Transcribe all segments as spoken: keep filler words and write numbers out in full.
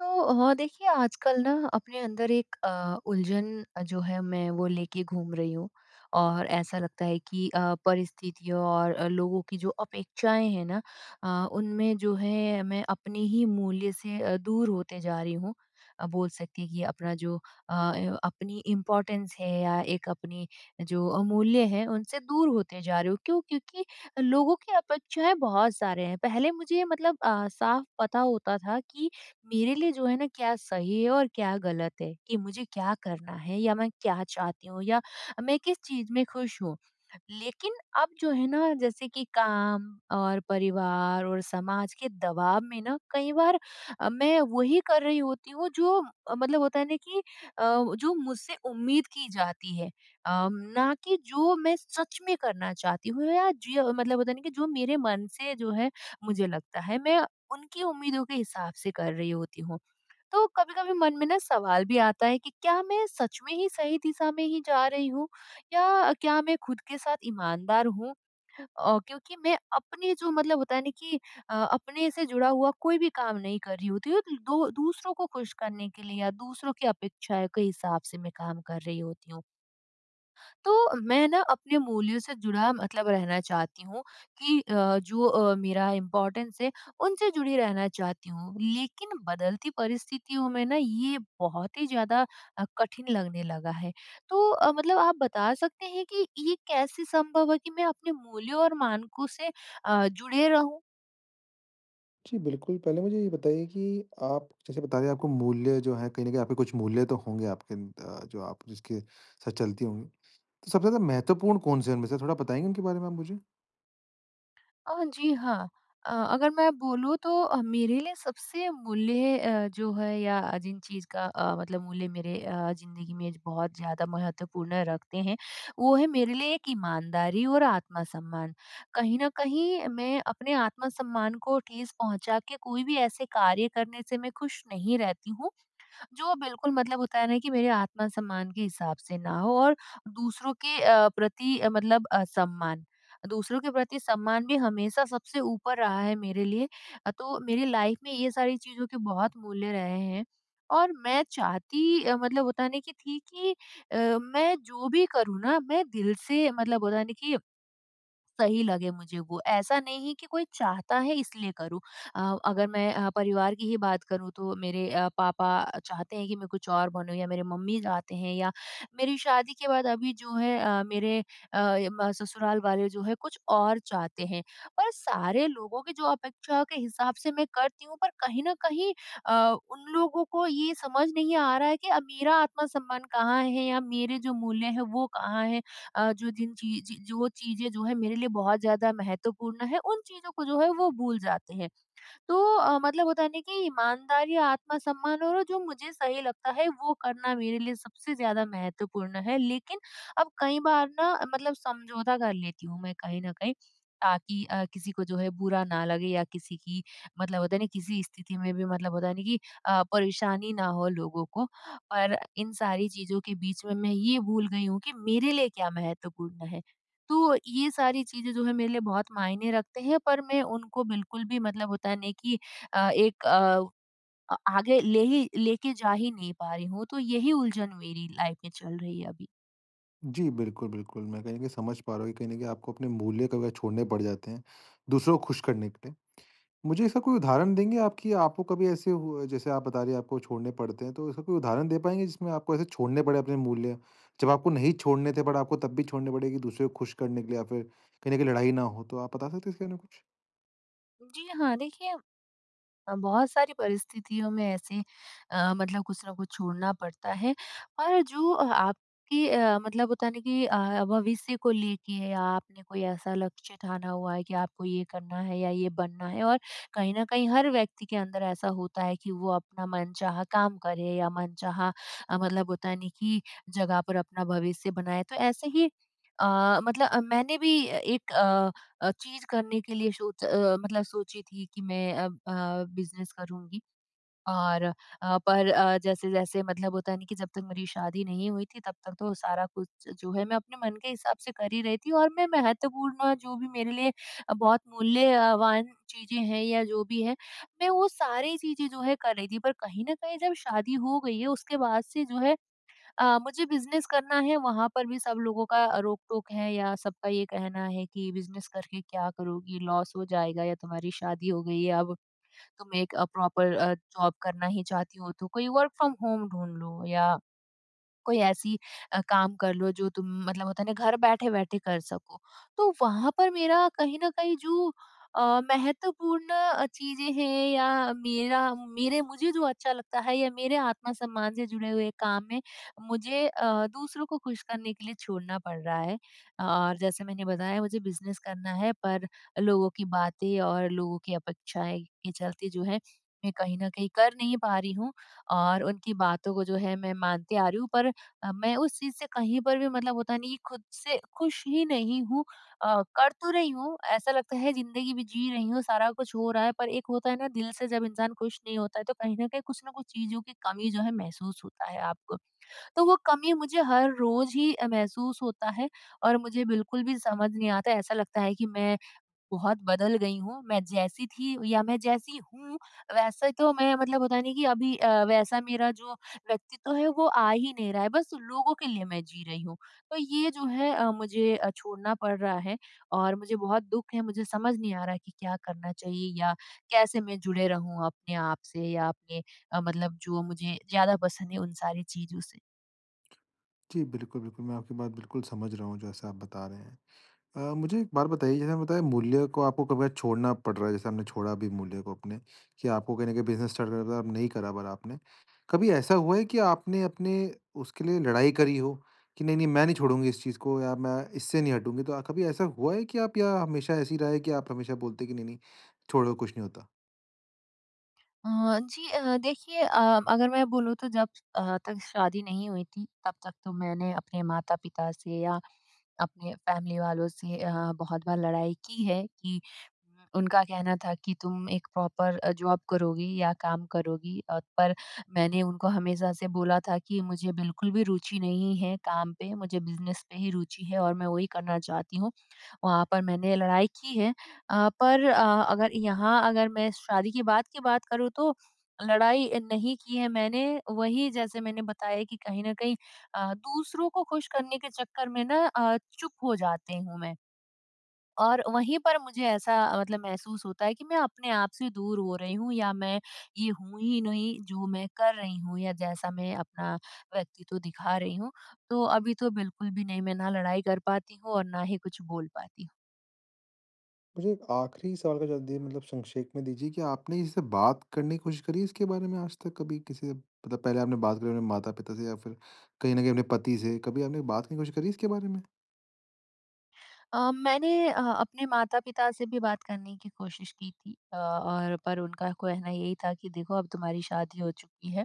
तो ह देखिए, आजकल ना अपने अंदर एक अ, उलझन अ, जो है मैं वो लेके घूम रही हूँ और ऐसा लगता है कि अ, परिस्थितियों और अ, लोगों की जो अपेक्षाएँ हैं ना अ, उनमें जो है मैं अपने ही मूल्य से अ, दूर होते जा रही हूँ। अ, बोल सकती हैं कि अपना जो अ, य अपनी इम्पोर्टेंस है या एक अपनी जो अमूल्य हैं, उनसे दूर होते जा रही हूँ। क्यों? क्योंकि लोगों की अपेक्षाएँ बहुत सारे हैं। पहले मुझे ये मतलब अ, साफ़ पता होता था कि मेरे लिए जो है ना क्या सही है और क्या ग़लत है कि मुझे क्या करना है या मैं क्या चाहती हूँ या मैं किस चीज़ में खुश हूँ। लेकिन अब जो है ना जैसे कि काम और परिवार और समाज के दबाव में ना कई बार अ, मैं वहीं कर रही होती हूँ, जो मतलब होता है ना कि अ, जो मुझसे उम्मीद की जाती है अम, ना कि जो मैं सच में करना चाहती हूँ या जीय मतलब होता नहीं कि जो मेरे मन से जो है मुझे लगता है। मैं उनकी उम्मीदों के हिसाब से कर रही होती हूँ। तो कभी-कभी मन में ना सवाल भी आता है कि क्या मैं सच में ही सही दिशा में ही जा रही हूँ या क्या मैं खुद के साथ ईमानदार हूँ? ओ, क्योंकि मैं अपनी जो मतलब होता है ना कि अ, अपने से जुड़ा हुआ कोई भी काम नहीं कर रही होती हूँ दू दूसरों को खुश करने के लिए या दूसरों की अपेक्षाएँ के हिसाब से मैं काम कर रही होती हूँ। तो मैं ना अपने मूल्यों से जुड़ा, मतलब रहना चाहती हूँ कि अ, जो अ, मेरा इम्पोर्टेंस है, उनसे जुड़े रहना चाहती हूँ। लेकिन बदलती परिस्थितियों में ना ये बहुत ही ज़्यादा अ, कठिन लगने लगा है। तो अ, मतलब आप बता सकते हैं कि ये कैसे संभव है कि मैं अपने मूल्यों और मानकों से अ, जुड़े रहूँ। जी, बिल्कुल, पहले मुझे ये बताइए कि आप जैसे बता रहे हैं आपको मूल्य जो है कहीं न कहीं आपके कुछ मूल्य तो होंगे आपके अंद अ, जो आप जिसके साथ चलती होगी। तो सबसे ज़्यादा महत्वपूर्ण कौन-से है उनमें से थोड़ा बताएँगे उनके बारे में आप मुझे? अ, जी, हाँ, अ, अगर मैं बोलूँ तो मेरे लिए सबसे मूल्य अ, जो है या जिन चीज़ का अ, मतलब मूल्य मेरे अ, ज़िंदगी में बहुत ज़्यादा महत्वपूर्ण रखते हैं, वो हैं मेरे लिए एक ईमानदारी और आत्मसम्मान, कहीं न कहीं मैं अपने आत्मसम्मान को ठेस पहुँचा के कोई भी ऐसे कार्य करने से मैं खुश नहीं रहती हूँ, जो बिल्कुल मतलब होता है ना कि मेरे आत्मसम्मान के हिसाब से ना हो और दूसरों के अ, प्रति अ, मतलब असम्मान, दूसरों के प्रति सम्मान भी हमेशा सबसे ऊपर रहा है मेरे लिए तो मेरी लाइफ में ये सारी चीज़ों के बहुत मूल्य रहे हैं, और मैं चाहती मतलब होता है न की थी कि अ, मैं जो भी करूँ ना मैं दिल से मतलब होता है न की, सही लगे मुझे वो ऐसा नहीं है कि कोई चाहता है इसलिए करूँ। अ, अगर मैं अ, परिवार की ही बात करूँ तो मेरे अ, पापा चाहते हैं कि मैं कुछ और बनूँ या मेरे मम्मी चाहते हैं या मेरी शादी के बाद अभी जो है अ, मेरे अ, ससुराल वाले जो हैं कुछ और चाहते हैं, पर सारे लोगों की जो अपेक्षाओं के हिसाब से मैं करती हूँ पर कहीं न कहीं अ, उन लोगों को ये समझ नहीं आ रहा है कि अब मेरा आत्मसम्मान कहाँ है? या मेरे जो मूल्य हैं वो कहाँ है? अ, जो जिन चीज़ चीज़ जो चीज़ें जो हैं मेरे लिए बहुत ज़्यादा महत्वपूर्ण हैं उन चीज़ों को जो है वो भूल जाते हैं, तो अ, मतलब होता नहीं कि ईमानदारी आत्मसम्मान और जो मुझे सही लगता है वो करना मेरे लिए सबसे ज़्यादा महत्वपूर्ण हैं। लेकिन, अब कई बार ना मतलब समझौता कर लेती हूँ मैं कहीं न कहीं, ताकि अ, किसी को जो है बुरा ना लगे या किसी की मतलब होता है न किसी स्थिति में भी मतलब होता है न कि अ, परेशानी ना हो लोगों को, और इन सारी चीज़ों के बीच में मैं ये भूल गई हूँ कि मेरे लिए क्या महत्वपूर्ण हैं? तो ये सारी चीज़ें जो हैं मेरे लिए बहुत मायने रखते हैं पर मैं उनको बिल्कुल भी मतलब होता नहीं कि अ, एक अ, आगे ले ही लेके जा ही नहीं पा रही हूँ तो यही उलझन मेरी लाइफ में चल रही है अभी। जी बिल्कुल, बिल्कुल। मैं कहीं न कहीं समझ पा रहा हूँ कहीं न कहीं आपको अपने मूल्य कबे छोड़ने पड़ जाते हैं, दूसरों को खुश करने के लिए। मुझे ऐसा कोई उदाहरण देंगे आप कि आपको कभी ऐसे हुआ है जैसे आप बता रहे हैं आपको छोड़ने पड़ते हैं तो ऐसा कोई उदाहरण दे पाएँगे, जिसमें आपको ऐसे छोड़ने पड़े अपने मूल्य? जब आपको नहीं छोड़ने थे बट आपको तब भी छोड़ने पड़े कि दूसरे को खुश करने के लिए या फिर कहीं न कहीं लड़ाई ना हो, तो आप बता सकते हैं इसके बारे कुछ? जी हाँ, देखिए, अ, बहुत सारी परिस्थितियों में ऐसे अ, मतलब कुछ न कुछ छोड़ना पड़ता है और जो अ, आपकी अ, मतलब होता है ना कि अ, भविष्य को लेके आपने कोई ऐसा लक्ष्य ठाना हुआ है कि आपको ये करना है या ये बनना है और कहीं न कहीं हर व्यक्ति के अंदर ऐसा होता है कि वो अपना मनचाहा काम करे या मनचाहा अ, मतलब होता है ना कि जगह पर अपना भविष्य बनाए। तो ऐसे ही अ, मतलब अ, मैंने भी अ, एक अ अ, चीज़ करने के लिए सोच अ, मतलब सोची थी कि मैं अ अ, बिज़नेस करूँगी। और अ, पर अ, जैसे-जैसे मतलब होता है ना कि जब तक मेरी शादी नहीं हुई थी तब तक तो सारा कुछ जो है मैं अपने मन के हिसाब से कर ही रही थी और मैं महत्वपूर्ण जो भी मेरे लिए अ, बहुत मूल्यवान चीज़ें हैं या जो भी है, मैं वो सारी चीज़ें जो है कर रही थी। पर कहीं न कहीं जब शादी हो गई है उसके बाद से जो है अ, मुझे बिज़नेस करना है वहाँ पर भी सब लोगों का अ, रोक-टोक है या सबका ये कहना है कि, "बिज़नेस करके क्या करोगी? लॉस हो जाएगा या तुम्हारी शादी हो गई है अब। तुम एक अ, प्रॉपर अ, जॉब करना ही चाहती हो तो कोई वर्क फ्रॉम होम ढूँढ लो या, कोई ऐसी अ, काम कर लो जो तुम मतलब होता है ना घर बैठे-बैठे कर सको।" तो वहाँ पर मेरा कहीं न कहीं जो अ, महत्वपूर्ण अ, चीज़ें हैं या मेरा मेरे मुझे जो अच्छा लगता है या मेरे आत्म-सम्मान से जुड़े हुए काम में मुझे अ, दूसरों को खुश करने के लिए छोड़ना पड़ रहा है। और जैसे मैंने बताया मुझे बिज़नेस करना है पर लोगों की बातें और लोगों की अपेक्षाएँ के चलते जो है, मैं कहीं न कहीं कर नहीं पा रही हूँ और उनकी बातों को जो है मैं मानती आ रही हूँ। पर अ, मैं उस चीज़ से कहीं पर भी मतलब होता नहीं कि खुद से खुश ही नहीं हूँ। अ, कर तो रही हूँ, ऐसा लगता है ज़िंदगी भी जी रही हूँ, सारा कुछ हो रहा है पर एक होता है ना दिल से जब इंसान खुश नहीं होता है तो कहीं न कहीं कुछ न कुछ चीज़ों की कमी जो है महसूस होता है आपको। तो वो कमी मुझे हर रोज़ ही अ, महसूस होता है और मुझे बिल्कुल भी समझ नहीं आता, ऐसा लगता है कि मैं बहुत बदल गई हूँ। मैं जैसी थी या मैं जैसी हूँ वैसे तो मैं मतलब होता है ना कि अभी अ, वैसा मेरा जो व्यक्तित्व है, वो आ ही नहीं रहा है बस लोगों के लिए मैं जी रही हूँ। तो ये जो है अ, मुझे अ, छोड़ना पड़ रहा है और मुझे बहुत दुख है। मुझे समझ नहीं आ रहा है कि क्या करना चाहिए या कैसे मैं जुड़े रहूँ अपने आप से या अपने अ, मतलब जो मुझे ज़्यादा पसंद है उन सारी चीज़ों से। जी, बिल्कुल, बिल्कुल, मैं आपकी बात बिल्कुल समझ रहा हूँ जैसे आप बता रहे हैं। अ, मुझे एक बात बताइए जैसे आपने बताया मूल्य को आपको कभी छोड़ना पड़ रहा है जैसे हमने छोड़ा भी मूल्य को अपने, कि आपको कहीं न कहीं बिज़नेस स्टार्ट करना था नहीं करा पर आपने, कभी ऐसा हुआ है कि आपने अपने उसके लिए लड़ाई करी हो, कि नहीं-नहीं मैं नहीं छोड़ूँगी इस चीज़ को या मैं इससे नहीं हटूँगी। तो अ, कभी ऐसा हुआ है कि आप या हमेशा ऐसे ही रहा है कि आप हमेशा बोलते हैं कि नहीं नहीं छोड़ो कुछ नहीं होता? अ, जी, अ, देखिए अ, अगर मैं बोलूँ तो जब अ, तक शादी नहीं हुई थी, तब तक तो मैंने अपने माता-पिता से या अपने फैमिली वालों से अ, बहुत बार लड़ाई की है, कि उनका कहना था कि तुम एक प्रॉपर अ, जॉब करोगी या काम करोगी अ, पर मैंने उनको हमेशा से बोला था कि मुझे बिल्कुल भी रुचि नहीं है काम पे, मुझे बिज़नेस पे ही रुचि है और मैं वही करना चाहती हूँ। वहाँ पर मैंने लड़ाई की है अ, पर अ, अगर यहाँ अगर मैं शादी के बाद की बात करूँ तो, लड़ाई नहीं की है मैंने वही जैसे मैंने बताया कि कहीं न कहीं अ, दूसरों को खुश करने के चक्कर में ना अ, चुप हो जाती हूँ मैं। और वहीं पर मुझे ऐसा मतलब महसूस होता है कि मैं अपने आप से दूर हो रही हूँ या मैं ये हूँ ही नहीं, जो मैं कर रही हूँ या जैसा मैं अपना व्यक्तित्व दिखा रही हूँ। तो अभी तो बिल्कुल भी नहीं मैं ना लड़ाई कर पाती हूँ और ना ही कुछ बोल पाती हूँ। मुझे एक आख़िरी सवाल का जवाब दिए मतलब संक्षेप में दीजिए कि आपने इससे बात करने की कोशिश करी इसके बारे में आज तक कभी किसी से मतलब पहले आपने बात करी अपने माता-पिता से या फिर कहीं न कहीं अपने पति से कभी आपने बात करने की कोशिश करी इसके बारे में? अ, मैंने अ, अपने माता-पिता से भी बात करने की कोशिश की थी अ, और पर उनका कहना यही था कि देखो अब तुम्हारी शादी हो चुकी है।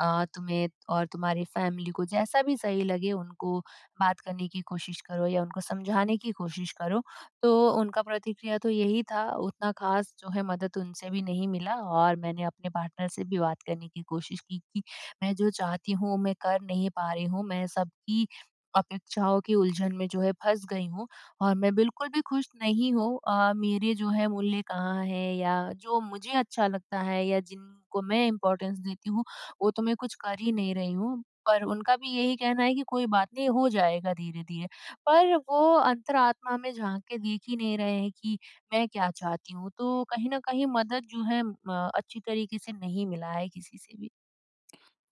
अ, तुम्हें और तुम्हारी फ़ैमिली को जैसा भी सही लगे उनको बात करने की कोशिश करो या उनको समझाने की कोशिश करो। तो उनका प्रतिक्रिया तो यही था उतना ख़ास जो है मदद उनसे भी नहीं मिला और मैंने अपने पार्टनर से भी बात करने की कोशिश की, कि मैं जो चाहती हूँ मैं कर नहीं पा रही हूँ, मैं सब की अपेक्षाओं के उलझन में जो है फँस गई हूँ और मैं बिल्कुल भी खुश नहीं हूँ अ, मेरे जो है मूल्य कहाँ है या जो मुझे अच्छा लगता है या जिनको मैं इम्पोर्टेंस देती हूँ, वो तो मैं कुछ कर ही नहीं रही हूँ। पर उनका भी यही कहना है कि कोई बात नहीं हो जाएगा धीरे-धीरे। पर वो अंतरात्मा में झाँक के देख ही नहीं रहे हैं कि मैं क्या चाहती हूँ तो कहीं न कहीं मदद जो है अ, अच्छी तरीके से नहीं मिला है किसी से भी।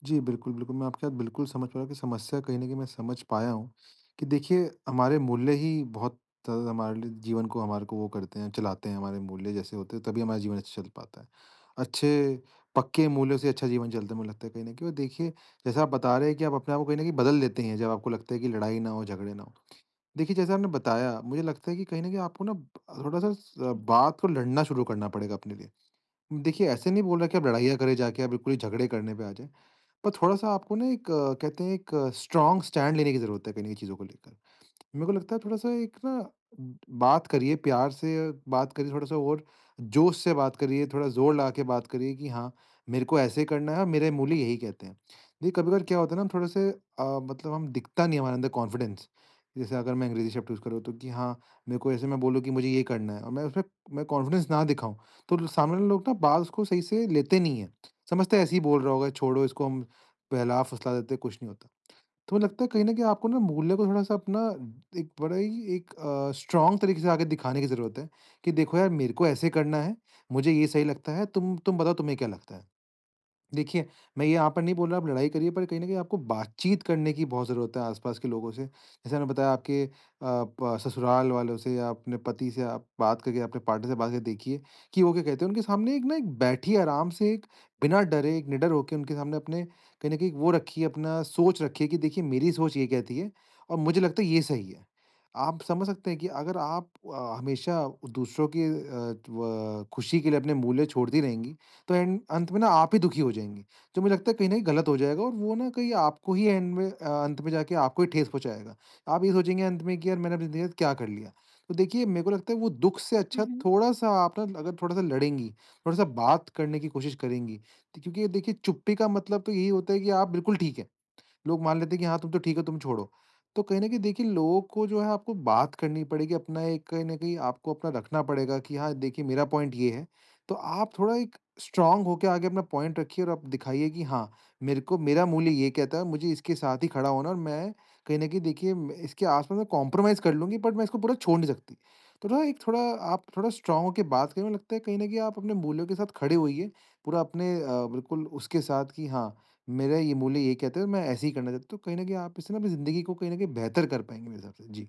जी, बिल्कुल, बिल्कुल, मैं आपकी बात बिल्कुल समझ पा रहा हूँ कि समस्या कहीं न कहीं मैं समझ पाया हूँ, कि देखिए हमारे मूल्य ही बहुत हमारे लिए जीवन को हमारे को वो करते हैं, चलाते हैं हमारे मूल्य जैसे होते हैं तभी हमारा जीवन अच्छा चल पाता है। अच्छे पक्के मूल्यों से अच्छा जीवन चलता है मुझे लगता है कहीं न कहीं और देखिए जैसा आप बता रहे हैं कि आप अपने आप को कहीं न कहीं बदल लेते हैं जब आपको लगता है कि लड़ाई ना हो, झगड़े ना हो। देखिए जैसा आपने बताया, मुझे लगता है कि कहीं न कहीं आपको ना, थोड़ा-सा बात को लड़ना शुरू करना पड़ेगा अपने लिए। देखिए ऐसे नहीं बोल रहा कि आप लड़ाइयाँ करे जाके आप बिल्कुल ही झगड़े करने पे आ जाए। पर थोड़ा-सा आपको ना एक कहते हैं एक स्ट्रांग स्टैंड लेने की ज़रूरत है कहीं न कहीं चीज़ों को लेकर। मेरे को लगता है थोड़ा-सा एक ना, बात करिए प्यार से बात करिए थोड़ा-सा और जोश से बात करिए, थोड़ा ज़ोर लगाके बात करिए कि हाँ, मेरे को ऐसे करना है और मेरे मूल्य यही कहते हैं। देखिए कभी-कभार क्या होता है ना थोड़े-से अ, मतलब हम दिखता नहीं है हमारे अंदर कॉन्फिडेंस, जैसे अगर मैं अंग्रेजी शब्द यूज़ करूँ तो कि हाँ, मेरे को ऐसे मैं बोलूँ कि मुझे ये करना है और मैं उसमें मैं कॉन्फिडेंस ना दिखाऊँ, तो लो सामने वाले लोग ना बाल उसको सही से लेते नहीं है। समझते है ऐसे ही बोल रहा होगा छोड़ो इसको हम बहला-फुसला देते हैं कुछ नहीं होता। तो लगता है कहीं न कहीं आपको ना मूल्य को थोड़ा-सा अपना एक बड़ा ही एक अ, स्ट्रांग तरीके से आगे दिखाने की ज़रूरत है, कि देखो यार मेरे को ऐसे करना है, मुझे ये सही लगता है तुम तुम बताओ तुम्हें क्या लगता है? देखिए मैं ये यहाँ पर नहीं बोल रहा आप लड़ाई करिए पर कहीं न कहीं आपको बातचीत करने की बहुत ज़रूरत है आस-पास के लोगों से, जैसे मैंने बताया आपके अ, प ससुराल वालों से या अपने पति से आप बात करके अपने पार्टनर से बात करके देखिए कि वो क्या कहते हैं। उनके सामने एक ना बैठिए आराम से एक बिना डरे निडर होके उनके सामने अपने कहीं न कहीं वो रखिए अपना सोच रखिए कि देखिए मेरी सोच ये कहती है, और मुझे लगता है ये सही है। आप समझ सकते हैं कि अगर आप अ, हमेशा दूसरों की अ, त्व खुशी के लिए अपने मूल्य छोड़ती रहेंगी, तो एंड अंत में ना आप ही दुखी हो जाएँगी। तो मुझे लगता है कहीं न कहीं गलत हो जाएगा और वो ना कहीं आपको ही एंड में अंत में जाके आपको ही ठेस पहुँचाएगा। आप ये सोचेंगे अंत में कि यार मैंने अपनी ज़िंदगी के साथ क्या कर लिया? तो देखिए मेरे को लगता है वो दुःख से हुँ, अच्छा हुँ। थोड़ा-सा आप न अगर थोड़ा-सा लड़ेंगी, थोड़ा-सा बात करने की कोशिश करेंगी। क्योंकि देखिए चुप्पी का मतलब तो यही होता है कि आप बिल्कुल ठीक है, लोग मान लेते हैं कि हाँ तुम तो ठीक हो तुम छोड़ो। तो कहीं न कहीं देखिए लोगों को जो है आपको बात करनी पड़ेगी अपना एक कहीं न कहीं आपको रखना पड़ेगा कि हाँ, देखिए मेरा पॉइंट ये है, तो आप थोड़ा एक स्ट्रांग होके आगे अपना पॉइंट रखिए और आप दिखाइए कि हाँ, मेरे को मेरा मूल्य ये कहता है मुझे इसके साथ ही खड़ा होना है और मैं, कहीं न कहीं देखिए इसके आसपास में कंप्रोमाइज कर लूँगी बट मैं इसको पूरा छोड़ नहीं सकती। तो न एक थोड़ा आप थोड़ा स्ट्रांग होके बात करे मेर को लगता है कहीं न कहीं आप अपने मूल्यों के साथ खड़े होइए, पूरा अपने अ, बिल्कुल उसके साथ कि हाँ, मेरा ये मूल्य यही कहते है मैं ऐसे ही करना चाहता हूँ तो कहीं न कहीं आप इससे अपनी ज़िंदगी को कहीं न कहीं बेहतर कर पाएँगे मेरे हिसाब से। जी।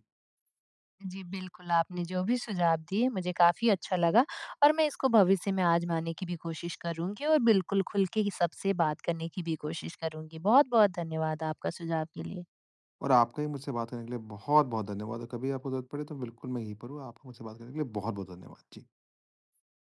जी, बिल्कुल, आपने जो भी सुझाव दिए मुझे काफ़ी अच्छा लगा, और मैं इसको भविष्य में आज़माने की भी कोशिश करूँगी और बिल्कुल खुल के सबसे बात करने की भी कोशिश करूँगी बहुत-बहुत धन्यवाद आपका सुझाव के लिए। और आपका भी मुझसे बात करने के लिए बहुत-बहुत धन्यवाद। अगर कभी आपको ज़रूरत पड़े तो बिल्कुल मैं यहीं पर हूँ आपको मुझसे बात करने के लिए बहुत-बहुत धन्यवाद। जी।